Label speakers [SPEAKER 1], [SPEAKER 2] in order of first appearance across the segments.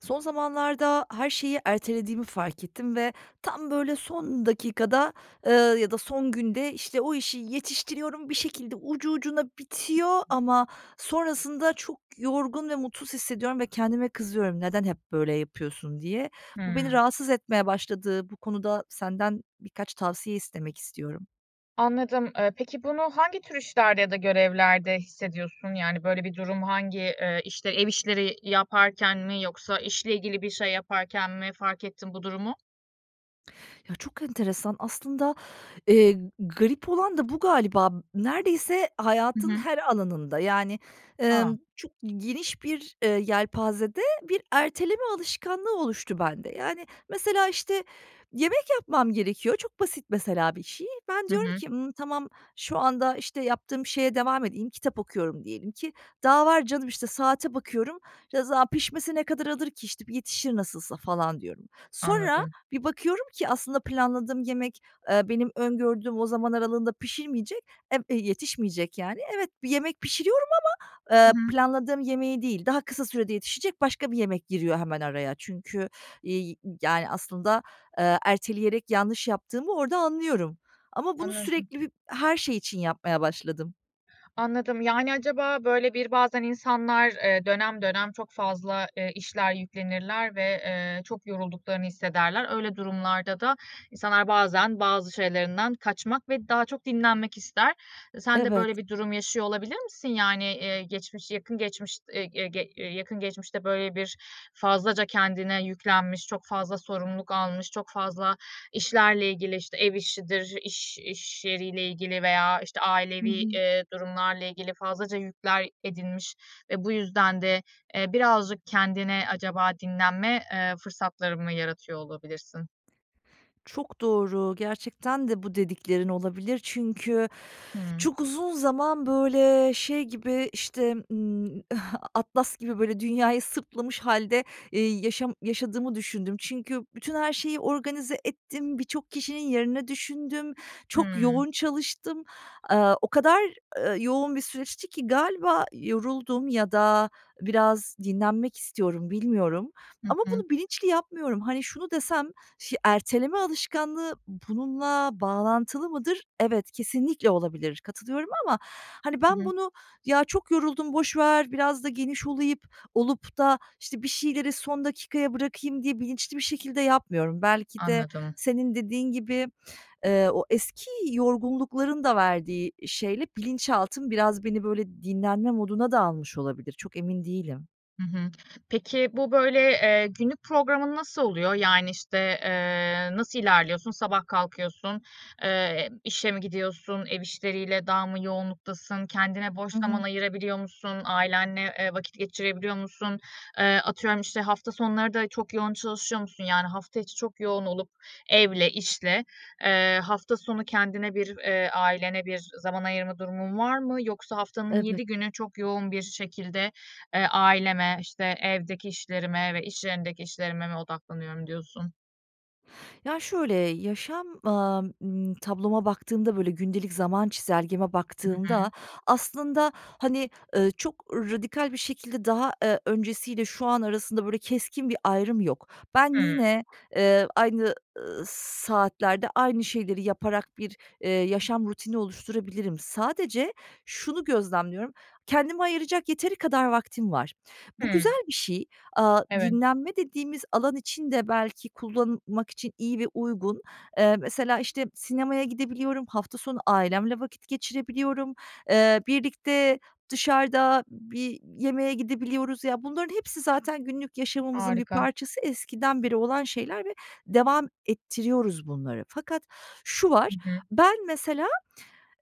[SPEAKER 1] Son zamanlarda her şeyi ertelediğimi fark ettim ve tam böyle son dakikada, ııı, ya da son günde, işte, o işi yetiştiriyorum, bir şekilde ucu ucuna bitiyor ama sonrasında çok yorgun ve mutsuz hissediyorum ve kendime kızıyorum: "Neden hep böyle yapıyorsun?" diye. Bu beni
[SPEAKER 2] Hımm.
[SPEAKER 1] rahatsız etmeye başladı. Bu konuda senden birkaç tavsiye istemek istiyorum.
[SPEAKER 2] Anladım. Iıı, peki, bunu hangi tür işlerde ya da görevlerde hissediyorsun, yani, böyle bir durum hangi? Iıı, işte, ev işleri yaparken mi yoksa işle ilgili bir şey yaparken mi fark ettin bu durumu?
[SPEAKER 1] Ya, çok enteresan. Aslında, eee, garip olan da bu galiba. B neredeyse
[SPEAKER 2] Hı
[SPEAKER 1] hayatın
[SPEAKER 2] hı.
[SPEAKER 1] her alanında, yani,
[SPEAKER 2] A!
[SPEAKER 1] emm, çok geniş bir, eee, yelpazede bir erteleme alışkanlığı oluştu bende. Yani, mesela, işte, yemek yapmam gerekiyor. Çok basit, mesela, bir şey. Ben
[SPEAKER 2] Hı
[SPEAKER 1] diyorum
[SPEAKER 2] hı.
[SPEAKER 1] ki: "Hımm, tamam, şu anda, işte, yaptığım şeye devam edeyim.” Kitap okuyorum diyelim ki, ”daha var canım." İşte, saate bakıyorum: "Ya, za pişmesi ne kadar alır ki, işte, yetişir nasılsa." falan diyorum. Sonra
[SPEAKER 2] Anladım.
[SPEAKER 1] bir bakıyorum ki, aslında planladığım yemek, eee, benim öngördüğüm o zaman aralığında pişirmeyecek, e b yetişmeyecek, yani. Evet, bir yemek pişiriyorum ama,
[SPEAKER 2] Hı
[SPEAKER 1] eee,
[SPEAKER 2] hı.
[SPEAKER 1] planladığım yemeği değil, daha kısa sürede yetişecek başka bir yemek giriyor hemen araya. Çünkü, iii, y yani aslında, aaa, erteleyerek yanlış yaptığımı orada anlıyorum ama bunu
[SPEAKER 2] Anladım.
[SPEAKER 1] sürekli bir her şey için yapmaya başladım.
[SPEAKER 2] Anladım. Yani, acaba, böyle, bir, bazen insanlar, eee, dönem dönem çok fazla, eee, işler yüklenirler ve, eee, çok yorulduklarını hissederler. Öyle durumlarda da insanlar bazen bazı şeylerinden kaçmak ve daha çok dinlenmek ister. E, sen de böyle
[SPEAKER 1] Evet.
[SPEAKER 2] bir durum yaşıyor olabilir misin? Yani, eee, geçmiş yakın geçmiş e e ge yakın geçmişte, böyle, bir fazlaca kendine yüklenmiş, çok fazla sorumluluk almış, çok fazla işlerle ilgili, işte, ev işidir, iş iş yeriyle ilgili, veya, işte,
[SPEAKER 1] Hı
[SPEAKER 2] ailevi,
[SPEAKER 1] hı.
[SPEAKER 2] eee, durumlarla ilgili fazlaca yükler edinmiş ve bu yüzden de, eee, birazcık kendine acaba dinlenme, eee, fırsatları mı yaratıyor olabilirsin?
[SPEAKER 1] Çok doğru. Gerçekten de bu dediklerin olabilir. Çünkü
[SPEAKER 2] Hımm.
[SPEAKER 1] çok uzun zaman, böyle, şey gibi, işte, ımm, Atlas gibi, böyle, dünyayı sırtlamış hâlde, eee, yaşam yaşadığımı düşündüm. Çünkü bütün her şeyi organize ettim. Birçok kişinin yerine düşündüm. Çok
[SPEAKER 2] Hımm.
[SPEAKER 1] yoğun çalıştım. Aaa, o kadar, ııı, yoğun bir süreçti ki galiba yoruldum ya da biraz dinlenmek istiyorum, bilmiyorum
[SPEAKER 2] Hı
[SPEAKER 1] ama
[SPEAKER 2] hı.
[SPEAKER 1] bunu bilinçli yapmıyorum. Hani, şunu desem, "Ş erteleme alışkanlığı bununla bağlantılı mıdır?" Evet, kesinlikle olabilir. Katılıyorum ama hani
[SPEAKER 2] I
[SPEAKER 1] ben
[SPEAKER 2] hı.
[SPEAKER 1] bunu: "Ya çok yoruldum, boş ver, biraz da geniş olayıp olup da, işte, bir şeyleri son dakikaya bırakayım." diye bilinçli bir şekilde yapmıyorum. Belki de
[SPEAKER 2] Anladım.
[SPEAKER 1] senin dediğin gibi, eee, o eski yorgunlukların da verdiği şeyle bilinçaltım biraz beni, böyle, dinlenme moduna da almış olabilir. Çok emin değilim.
[SPEAKER 2] Hı hı. Peki, bu, böyle, eee, günlük programın nasıl oluyor? Yani, işte, eee, nasıl ilerliyorsun? Sabah kalkıyorsun, eee, işe mi gidiyorsun, ev işleriyle daha mı yoğunluktasın, kendine boş
[SPEAKER 1] I
[SPEAKER 2] zaman
[SPEAKER 1] hı.
[SPEAKER 2] ayırabiliyor musun, ailenle, eee, vakit geçirebiliyor musun? Eee, atıyorum, işte, hafta sonları da çok yoğun çalışıyor musun? Yani, hafta içi çok yoğun olup evle, işle, eee, hafta sonu kendine bir, eee, ailene bir zaman ayırma durumun var mı? Yoksa haftanın
[SPEAKER 1] Evet.
[SPEAKER 2] 7 günü çok yoğun bir şekilde, eee, aileme, işte, evdeki işlerime ve iş yerindeki işlerime mi odaklanıyorum diyorsun?
[SPEAKER 1] Ya şöyle, yaşam, aaa, ımm, tabloma baktığımda, böyle, gündelik zaman çizelgeme
[SPEAKER 2] I hı.
[SPEAKER 1] baktığımda aslında, hani, ııı, çok radikal bir şekilde daha, eee, öncesiyle şu an arasında, böyle, keskin bir ayrım yok. Ben
[SPEAKER 2] Hımm.
[SPEAKER 1] yine, eee, aynı, ııı, saatlerde aynı şeyleri yaparak bir, eee, yaşam rutini oluşturabilirim. Sadece şunu gözlemliyorum, kendime ayıracak yeteri kadar vaktim var. Bu
[SPEAKER 2] Hımm.
[SPEAKER 1] güzel bir şey. Aaa,
[SPEAKER 2] Evet.
[SPEAKER 1] dinlenme dediğimiz alan için de belki kullanmak için iyi ve uygun. Eee, mesela, işte, sinemaya gidebiliyorum, hafta sonu ailemle vakit geçirebiliyorum, eee, birlikte dışarıda bir yemeğe gidebiliyoruz. Ya, bunların hepsi zaten günlük yaşamımızın bir
[SPEAKER 2] Harika.
[SPEAKER 1] parçası eskiden beri olan şeyler ve devam ettiriyoruz bunları. Fakat şu
[SPEAKER 2] I
[SPEAKER 1] var:
[SPEAKER 2] hı.
[SPEAKER 1] Ben mesela,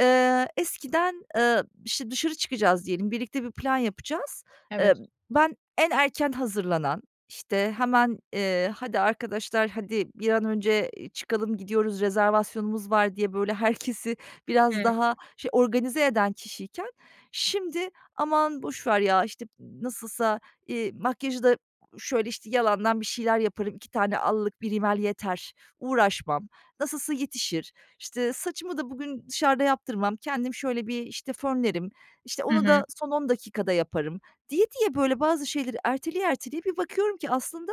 [SPEAKER 1] eee, eskiden, eee, işte, dışarı çıkacağız diyelim, birlikte bir plan yapacağız. Eee,
[SPEAKER 2] Evet.
[SPEAKER 1] ben en erken hazırlanan, işte, hemen, eee: "Hadi arkadaşlar, hadi, bir an önce i çıkalım, gidiyoruz, rezervasyonumuz var." diye, böyle, herkesi biraz
[SPEAKER 2] Hıı.
[SPEAKER 1] daha, şey, organize eden kişiyken şimdi, "Aman, boş ver ya." işte, "M nasılsa, iii, makyajı da şöyle, işte, yalandan bir şeyler yaparım, 2 tane allık, 1 rimel yeter, uğraşmam, nasılsa yetişir." İşte, "Saçımı da bugün dışarıda yaptırmam, kendim şöyle bir", işte, "fönlerim", işte,
[SPEAKER 2] Hı
[SPEAKER 1] "onu da
[SPEAKER 2] hı.
[SPEAKER 1] son 10 dakikada yaparım." diye diye, böyle, bazı şeyleri erteleye erteleye bir bakıyorum ki aslında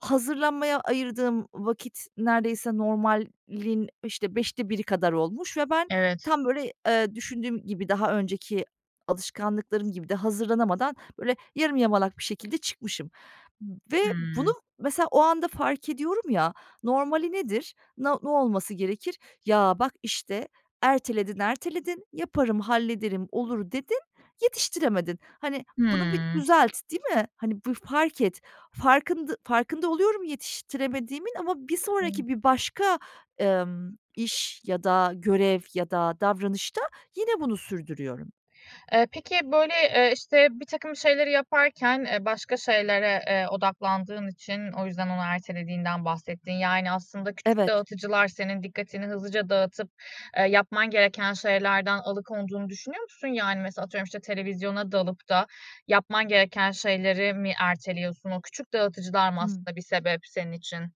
[SPEAKER 1] hazırlanmaya ayırdığım vakit neredeyse normalin, işte, 5'te 1'i kadar olmuş ve ben
[SPEAKER 2] Evet.
[SPEAKER 1] tam böyle, eee, düşündüğüm gibi, daha önceki alışkanlıklarım gibi de hazırlanamadan böyle, yarım yamalak bir şekilde çıkmışım m ve bunu
[SPEAKER 2] Hıı.
[SPEAKER 1] mesela o anda fark ediyorum ya; normali nedir? Na ne olması gerekir? "Ya, bak, işte, erteledin, erteledin. Yaparım, hallederim, olur, dedin; yetiştiremedin." Hani, bunu bir
[SPEAKER 2] Hıı.
[SPEAKER 1] düzelt, değil mi? Hani, bir fark et. Farkında farkında oluyorum yetiştiremediğimin ama bir sonraki,
[SPEAKER 2] [unintelligible]
[SPEAKER 1] bir başka, emm, iş ya da görev ya da davranışta yine bunu sürdürüyorum.
[SPEAKER 2] Eee, peki, böyle, eee, işte, birtakım şeyleri yaparken, eee, başka şeylere, eee, odaklandığın için o yüzden onu ertelediğinden bahsettin, yani, aslında küçük
[SPEAKER 1] Evet.
[SPEAKER 2] dağıtıcılar senin dikkatini hızlıca dağıtıp, eee, yapman gereken şeylerden alıkonduğunu düşünüyor musun? Yani mesela atıyorum, işte, televizyona dalıp da yapman gereken şeyleri mi erteliyorsun? O küçük dağıtıcılar mı
[SPEAKER 1] Hıı.
[SPEAKER 2] aslında bir sebep senin için?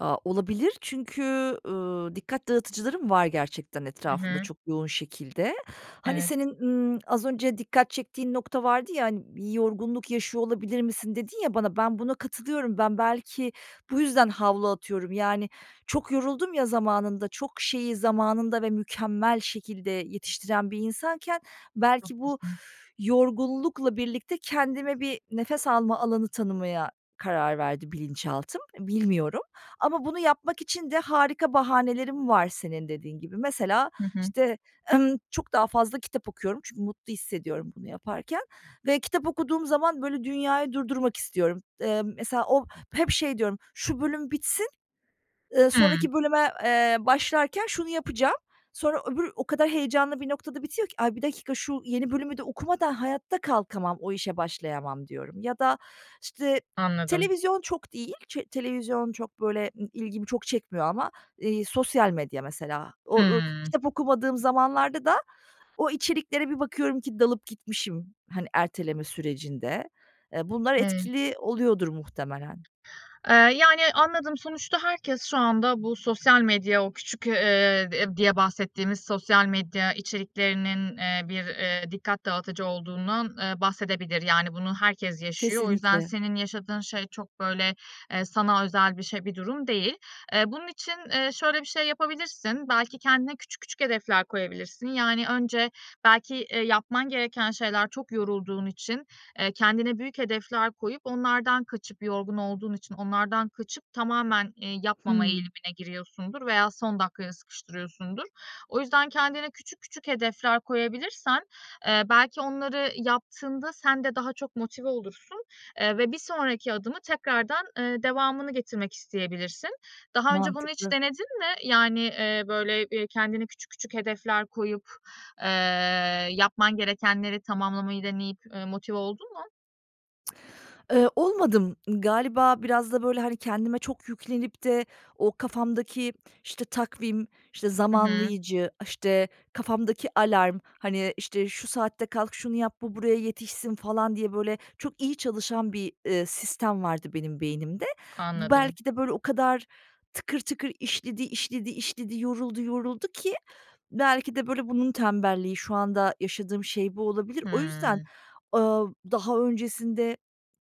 [SPEAKER 1] Ya, olabilir. Çünkü, ııı, dikkat dağıtıcılarım var gerçekten
[SPEAKER 2] Hı
[SPEAKER 1] etrafımda
[SPEAKER 2] hı.
[SPEAKER 1] çok yoğun şekilde. Hani
[SPEAKER 2] Evet.
[SPEAKER 1] senin, ımm az önce dikkat çektiğin nokta vardı ya. Hani "Yi yorgunluk yaşıyor olabilir misin?" dedin ya bana. Ben buna katılıyorum. Ben belki bu yüzden havlu atıyorum. Yani, çok yoruldum ya zamanında... Çok şeyi zamanında ve mükemmel şekilde yetiştiren bir insanken belki bu
[SPEAKER 2] Haklısın.
[SPEAKER 1] yorgunlukla birlikte kendime bir nefes alma alanı tanımaya karar verdi bilinçaltım. Bilmiyorum. Ama bunu yapmak için de harika bahanelerim var, senin dediğin gibi. Mesela,
[SPEAKER 2] Hı hı.
[SPEAKER 1] işte, ımm, çok daha fazla kitap okuyorum. Çünkü mutlu hissediyorum bunu yaparken ve kitap okuduğum zaman, böyle, dünyayı durdurmak istiyorum. Eee, mesela o hep şey diyorum: "Şu bölüm bitsin, ııı,
[SPEAKER 2] Hıı.
[SPEAKER 1] sonraki bölüme, eee, başlarken şunu yapacağım." Sonra öbür o kadar heyecanlı bir noktada bitiyor ki "Ay, bir dakika, şu yeni bölümü de okumadan hayatta kalkamam, o işe başlayamam." diyorum. Ya da, işte,
[SPEAKER 2] Anladım.
[SPEAKER 1] televizyon çok değil, çe televizyon çok, böyle, ımm, ilgimi çok çekmiyor ama, eee, sosyal medya mesela. O o
[SPEAKER 2] Hıı.
[SPEAKER 1] kitap okumadığım zamanlarda da o içeriklere bir bakıyorum ki dalıp gitmişim, hani, erteleme sürecinde. Eee, bunlar
[SPEAKER 2] Evet.
[SPEAKER 1] etkili oluyordur muhtemelen.
[SPEAKER 2] Eee, yani, anladım. Sonuçta herkes şu anda bu sosyal medya- o küçük, eee, eee, diye bahsettiğimiz sosyal medya içeriklerinin- eee, bir, eee, dikkat dağıtıcı olduğundan, eee, bahsedebilir. Yani bunu herkes yaşıyor. O yüzden
[SPEAKER 1] Kesinlikle.
[SPEAKER 2] senin yaşadığın şey çok, böyle, eee, sana özel bir şey, bir durum değil. Eee, bunun için, eee, şöyle bir şey yapabilirsin: Belki kendine küçük küçük hedefler koyabilirsin. Yani önce belki, eee, yapman gereken şeyler Çok yorulduğun için, eee, kendine büyük hedefler koyup onlardan kaçıp- yorgun olduğun için onlardan kaçıp- tamamen, eee, yapmama
[SPEAKER 1] Hıı.
[SPEAKER 2] eğilimine giriyorsundur veya son dakikaya sıkıştırıyorsundur. O yüzden kendine küçük küçük hedefler koyabilirsen, eee, belki onları yaptığında sen de daha çok motive olursun. Eee, ve bir sonraki adımı tekrardan, eee, devamını getirmek isteyebilirsin. Daha önce bunu hiç
[SPEAKER 1] Mantıklı.
[SPEAKER 2] denedin mi? Yani, eee, böyle, eee, kendine küçük küçük hedefler koyup, eee, yapman gerekenleri tamamlamayı deneyip, eee, motive oldun mu?
[SPEAKER 1] Iıı, olmadım. Iıı, galiba biraz da, böyle, hani, kendime çok yüklenip de o kafamdaki, işte takvim, işte,
[SPEAKER 2] Hı hı.
[SPEAKER 1] zamanlayıcı, işte, kafamdaki alarm, hani, işte, şu saatte kalk, şunu yap, bu buraya yetişsin falan diye böyle çok iyi çalışan bir, ııı, sistem vardı benim beynimde. Bu
[SPEAKER 2] Anladım.
[SPEAKER 1] belki de böyle o kadar tıkır tıkır işledi, işledi, işledi, yoruldu, yoruldu ki belki de böyle bunun tembelliği, şu anda yaşadığım şey bu olabilir. O yüzden,
[SPEAKER 2] Hımm.
[SPEAKER 1] ııı, daha öncesinde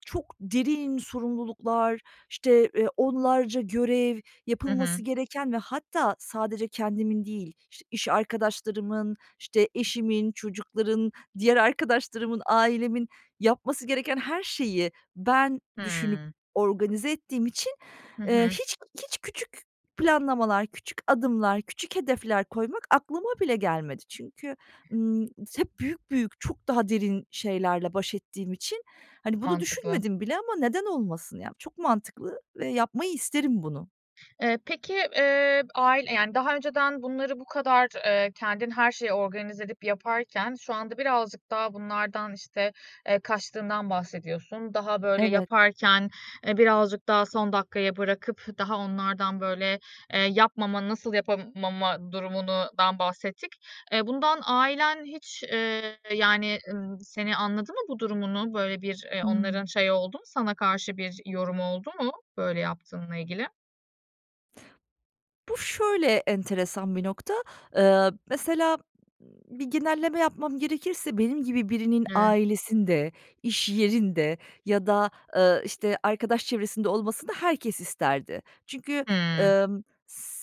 [SPEAKER 1] çok derin sorumluluklar, işte, eee, onlarca görev,
[SPEAKER 2] Hı
[SPEAKER 1] yapılması
[SPEAKER 2] hı.
[SPEAKER 1] gereken ve hatta sadece kendimin değil, işte, iş arkadaşlarımın, işte, eşimin, çocukların, diğer arkadaşlarımın, ailemin yapması gereken her şeyi ben düşünüp
[SPEAKER 2] Hıı.
[SPEAKER 1] organize ettiğim için,
[SPEAKER 2] Hı
[SPEAKER 1] eee,
[SPEAKER 2] hı.
[SPEAKER 1] hiç, hiç küçük planlamalar, küçük adımlar, küçük hedefler koymak aklıma bile gelmedi. Çünkü, ımm, hep büyük, büyük, çok daha derin şeylerle baş ettiğim için, hani, bunu
[SPEAKER 2] Mantıklı.
[SPEAKER 1] düşünmedim bile ama neden olmasın? Ya çok mantıklı ve yapmayı isterim bunu.
[SPEAKER 2] Eee, peki, eee, ail yani daha önceden bunları bu kadar, eee, kendin her şeyi organize edip yaparken şu anda birazcık daha bunlardan, işte, eee, kaçtığından bahsediyorsun. Daha böyle
[SPEAKER 1] Evet.
[SPEAKER 2] yaparken, eee, birazcık daha son dakikaya bırakıp daha onlardan, böyle, eee, yapmama, nasıl yapamama durumundan bahsettik. Eee, bundan ailen hiç, ııı, yani, ııı, seni anladı mı bu durumunu? Böyle bir, eee,
[SPEAKER 1] Hıı.
[SPEAKER 2] onların şeyi oldu mu, sana karşı bir yorumu oldu mu böyle yaptığınla ilgili?
[SPEAKER 1] Bu şöyle enteresan bir nokta, ııı, mesela b bir genelleme yapmam gerekirse, benim gibi birinin
[SPEAKER 2] Hıı.
[SPEAKER 1] ailesinde, iş yerinde ya da, ııı, işte, arkadaş çevresinde olmasını herkes isterdi. Çünkü,
[SPEAKER 2] Hıı.
[SPEAKER 1] ımm,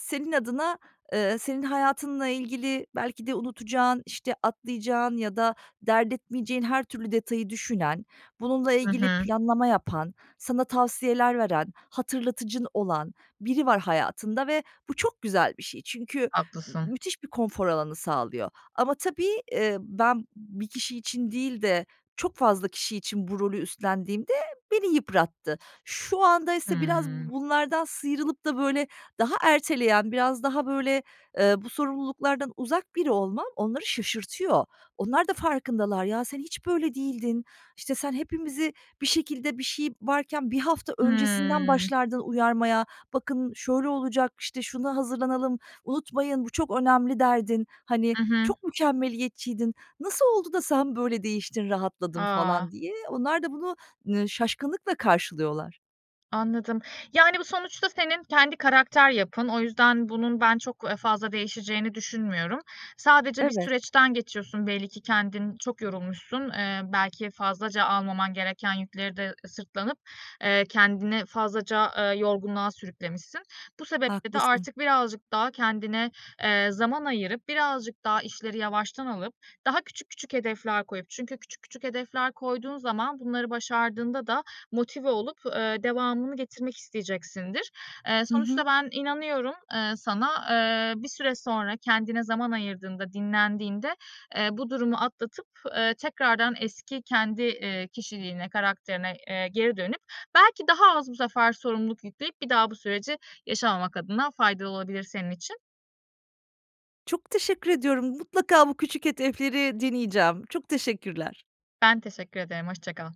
[SPEAKER 1] senin adına, ııı, senin hayatınla ilgili belki de unutacağın, işte, atlayacağın ya da dert etmeyeceğin her türlü detayı düşünen, bununla
[SPEAKER 2] Hı
[SPEAKER 1] ilgili
[SPEAKER 2] hı.
[SPEAKER 1] planlama yapan, sana tavsiyeler veren, hatırlatıcın olan biri var hayatında ve bu çok güzel bir şey. Çünkü m
[SPEAKER 2] Haklısın.
[SPEAKER 1] müthiş bir konfor alanı sağlıyor ama tabii, ııı, ben bir kişi için değil de çok fazla kişi için bu rolü üstlendiğimde beni yıprattı. Şu andaysa biraz
[SPEAKER 2] Hıı.
[SPEAKER 1] bunlardan sıyrılıp da, böyle, daha erteleyen, biraz daha, böyle, ııı, bu sorumluluklardan uzak biri olmam onları şaşırtıyor. Onlar da farkındalar. "Ya, sen hiç böyle değildin, işte, sen hepimizi bir şekilde, bir şey varken 1 hafta öncesinden
[SPEAKER 2] Hıı.
[SPEAKER 1] başlardın uyarmaya. Bakın şöyle olacak, işte şuna hazırlanalım, unutmayın bu çok önemli." derdin. Hani,
[SPEAKER 2] Hı hı.
[SPEAKER 1] "Çok mükemmeliyetçiydin. Nasıl oldu da sen böyle değiştin, rahatladın?"
[SPEAKER 2] A!
[SPEAKER 1] falan diye. Onlar da bunu, ııı, şaşkınlıkla karşılıyorlar.
[SPEAKER 2] Anladım. Yani bu sonuçta senin kendi karakter yapın. O yüzden bunun ben çok, ııı, fazla değişeceğini düşünmüyorum. Sadece bir
[SPEAKER 1] Evet.
[SPEAKER 2] süreçten geçiyorsun, belli ki kendin çok yorulmuşsun. Eee, belki fazlaca almaman gereken yükleri de sırtlanıp, eee, kendini fazlaca, eee, yorgunluğa sürüklemişsin. Bu sebeple de
[SPEAKER 1] Haklısın.
[SPEAKER 2] artık birazcık daha kendine, eee, zaman ayırıp, birazcık daha işleri yavaştan alıp, daha küçük, küçük hedefler koyup çünkü küçük, küçük hedefler koyduğun zaman bunları başardığında da motive olup, eee, devamını getirmek isteyeceksindir. Eee,
[SPEAKER 1] Hı hı.
[SPEAKER 2] sonuçta ben inanıyorum, ııı, sana. Eee, bir süre sonra kendine zaman ayırdığında, dinlendiğinde, eee, bu durumu atlatıp, eee, tekrardan eski kendi, eee, kişiliğine, karakterine, eee, geri dönüp belki daha az bu sefer sorumluluk yükleyip bir daha bu süreci yaşamamak adına faydalı olabilir senin için.
[SPEAKER 1] Çok teşekkür ediyorum. Mutlaka bu küçük hedefleri deneyeceğim. Çok teşekkürler.
[SPEAKER 2] Ben teşekkür ederim. Hoşça kal.